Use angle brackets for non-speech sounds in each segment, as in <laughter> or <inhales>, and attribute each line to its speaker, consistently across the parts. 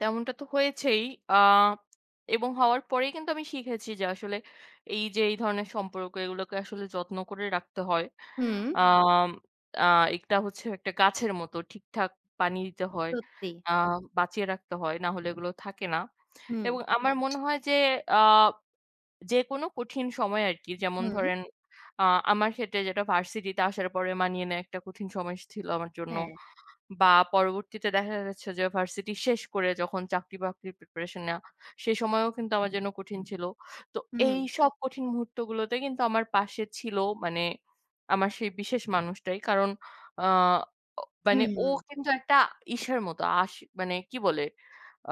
Speaker 1: তেমনটা তো হয়েছেই। আ এবং হওয়ার পরেই কিন্তু আমি শিখেছি যে আসলে এইযে এই ধরনের সম্পর্ক এইগুলোকে আসলে যত্ন করে রাখতে হয়।
Speaker 2: হুম।
Speaker 1: আম আ একটা হচ্ছে একটা গাছের মতো। ঠিকঠাক পানি দিতে হয়,
Speaker 2: সত্যি।
Speaker 1: আ বাঁচিয়ে রাখতে হয়। না হলে এগুলো থাকে না।
Speaker 2: হুম।
Speaker 1: এবং আমার মনে হয় যে আ যেকোনো কঠিন সময় আরকি যেমন
Speaker 2: হুম।
Speaker 1: ধরেন আ আমার ক্ষেত্রে যেটা varsity তে আসার পরে মানিয়ে নেয়া একটা কঠিন সময় স ছিল আমার জন্য।
Speaker 2: হ্যাঁ।
Speaker 1: বা পরবর্তীতে দেখা যাচ্ছে যে varsity শেষ করে যখন চাকরি-বাকরির preparation নেওয়া, সে সময়ও কিন্তু আমার জন্য কঠিন ছিল। তো এই
Speaker 2: হুম।
Speaker 1: সব কঠিন মুহূর্তগুলোতে কিন্তু আমার পাশে ছিল মানে আমার সেই বিশেষ মানুষটাই। কারণ আ অ মানে
Speaker 2: হুম,
Speaker 1: ও
Speaker 2: হুম।
Speaker 1: কিন্তু একটা ইসের মতো আশি মানে কি বলে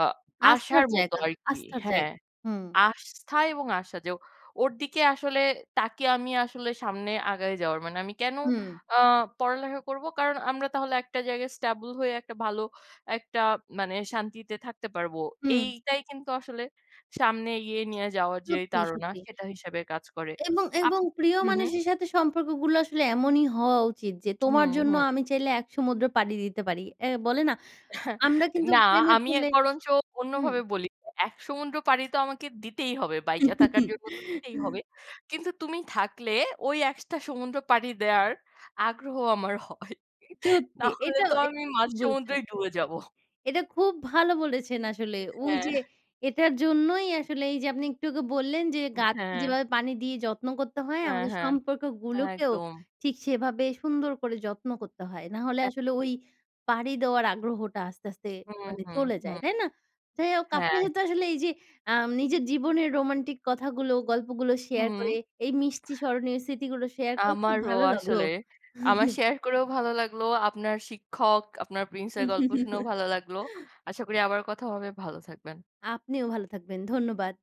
Speaker 1: আ
Speaker 2: আস্থার
Speaker 1: আশার মতো
Speaker 2: জায়গা
Speaker 1: আরকি।
Speaker 2: আস্থার
Speaker 1: হ্যাঁ।
Speaker 2: জায়গা। হুম।
Speaker 1: আস্থা এবং আশা। যে ও ওর দিকে আসলে তাকিয়ে আমি আসলে সামনে আগায় যাওয়ার মানে আমি কেন
Speaker 2: হুম।
Speaker 1: আ পড়ালেখা করবো? কারণ আমরা তাহলে একটা জায়গায় stable হয়ে একটা ভালো একটা মানে শান্তিতে থাকতে পারবো।
Speaker 2: হুম।
Speaker 1: এইটাই কিন্তু আসলে সামনে ইয়ে নিয়ে যাওয়ার যেই
Speaker 2: সত্যি,
Speaker 1: তাড়না
Speaker 2: সত্যি।
Speaker 1: সেইটা হিসেবে কাজ করে।
Speaker 2: এবং, এবং
Speaker 1: আপনি
Speaker 2: প্রিয়
Speaker 1: হুম, হুম।
Speaker 2: মানুষের সাথে সম্পর্কগুলো আসলে এমনই হওয়া উচিত যে
Speaker 1: হুম,
Speaker 2: তোমার জন্য
Speaker 1: হুম।
Speaker 2: আমি চাইলে এক সমুদ্র পাড়ি দিতে পারি। এ বলে না
Speaker 1: <scoffs>
Speaker 2: আমরা কিন্তু
Speaker 1: না
Speaker 2: প্রেমে
Speaker 1: আমি এ
Speaker 2: পড়লে
Speaker 1: বরঞ্চ
Speaker 2: হুম।
Speaker 1: অন্যভাবে বলি। এক সমুদ্র পাড়ি তো আমাকে দিতেই হবে। বাইচা থাকার জন্য তো দিতেই হবে।
Speaker 2: <laughs>
Speaker 1: কিন্তু তুমি থাকলে ওই একটা সমুদ্র পাড়ি দেওয়ার আগ্রহ আমার হয়।
Speaker 2: সত্যি।
Speaker 1: নাহলে
Speaker 2: এটাও
Speaker 1: তো
Speaker 2: <unintelligible>
Speaker 1: আমি
Speaker 2: ঠিক
Speaker 1: মাঝ
Speaker 2: বলেছেন।
Speaker 1: সমুদ্রেই ডুবে যাবো।
Speaker 2: এটা খুব ভালো বলেছেন আসলে
Speaker 1: হ্যাঁ।
Speaker 2: ওইযে এইটার জন্যই আসলে এইযে আপনি একটু আগে বললেন যে
Speaker 1: উম
Speaker 2: গাছকে
Speaker 1: হ্যাঁ।
Speaker 2: যেভাবে পানি দিয়ে যত্ন করতে হয়
Speaker 1: হ্যাঁ,
Speaker 2: আমাদের
Speaker 1: হ্যাঁ।
Speaker 2: সম্পর্কগুলোকেও
Speaker 1: একদম।
Speaker 2: ঠিক সেইভাবে সুন্দর করে যত্ন করতে হয়। না হলে আসলে
Speaker 1: একদম।
Speaker 2: ওই পাড়ি দেওয়ার আগ্রহটা আস্তে, আস্তে
Speaker 1: হুম,
Speaker 2: মানে
Speaker 1: হুম,
Speaker 2: চলে যায়,
Speaker 1: হুম।
Speaker 2: তাই না? যাই হোক
Speaker 1: হ্যাঁ।
Speaker 2: আপনার সাথে আসলে এই যে আম নিজের জীবনের রোমান্টিক কথাগুলো, গল্পগুলো share
Speaker 1: হুম।
Speaker 2: করে
Speaker 1: <inhales>
Speaker 2: এই মিষ্টি স্মরণীয় স্মৃতিগুলো share করে খুব
Speaker 1: আমারও
Speaker 2: ভালো লাগলো।
Speaker 1: আসলে। আমার
Speaker 2: <chuckles>
Speaker 1: share করেও ভালো লাগলো। আপনার শিক্ষক, আপনার prince এর গল্প শুনেও ভালো লাগলো।
Speaker 2: <laughs>
Speaker 1: আশা করি আবার কথা হবে। ভালো থাকবেন।
Speaker 2: আপনিও ভালো থাকবেন। ধন্যবাদ।